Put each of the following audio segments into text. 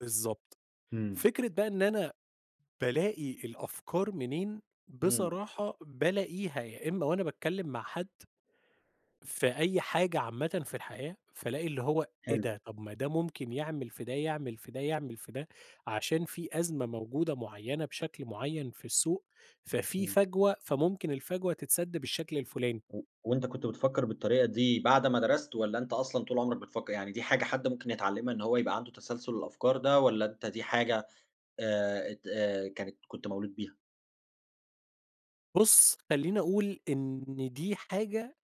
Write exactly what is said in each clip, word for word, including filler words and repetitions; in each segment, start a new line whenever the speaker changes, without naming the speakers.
بالضبط.
إمم.
فكرة بقى إن أنا بالاقي الأفكار منين،
إمم.
بصراحة بالاقيها يا إمّا وأنا باتكلّم مع حد في أي حاجة عامةً في الحياة، فالاقي اللي هو إيه
حلو.
ده! طب ما ده ممكن يعمل في ده، يعمل في ده، يعمل في ده، عشان في أزمة موجودة معيّنة بشكل معيّن في السوق، ففي
إمم.
فَجوة فممكن الفَجوة تتسَد بالشكل الفُلاني.
و وأنت كنت بتفكّر بالطريقة دي بعد ما درست والّا أنت أصلًا طول عُمرك بتفكّر؟ يعني دي حاجة حد ممكن يتعلّمها إن هو يبقى عنده تسلسل الأفكار ده والّا أنت دي حاجة آآ اد آآ كانت كنت مولود بيها؟
بُص، خلّيني أقول إن دي حاجة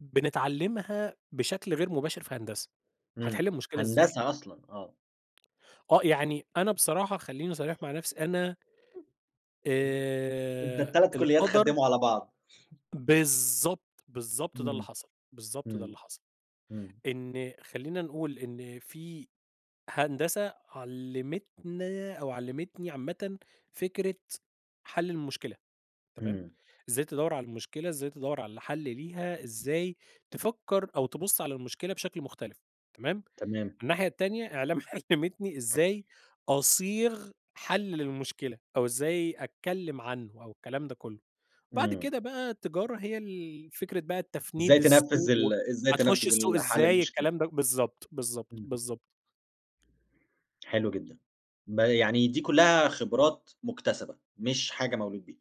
بنتعلّمها بشكل غير مباشر في هندسة،
إمم.
هتحِل المشكلة ازاي؟
هندسة أصلًا آه.
آه. يعني أنا بصراحة خلّيني صريح مع نفسي، أنا
أنت
آآ
التَلَت كُلّيات
القدر
خدّموا على بعض.
بالضبط، بالضبط ده اللي
إمم.
حصل. بالضبط ده
إمم.
اللي حصل.
إمم.
إن خلّينا نقول إن في هندسة علّمتنا أو علّمتني عامةً فكرة حَل المشكلة، تمام؟
إمم.
إزاي تدوّر على المشكلة، إزاي تدوّر على حَل ليها، إزاي تفكّر أو تبُص على المشكلة بشكل مختلف، تمام؟
تمام.
الناحية التانية إعلام علّمتني إزاي أصيغ حَل للمشكلة أو إزاي أتكلّم عنّه أو الكلام ده كُلّه. بعد
إمم.
كده بقى تجارة هي ال فكرة بقى
إزاي
التفنيد
تنفّذ
السوق و
ال إزاي
هتخُش
تنفّذ ال
السوق
حَل
إزاي
المشكلة.
الكلام ده بالضبط، بالضبط،
إمم، إمم.
بالضبط.
حلو جدًا. بقى يعني دي كُلّها خبرات مُكتسبة مش حاجة مولود بيه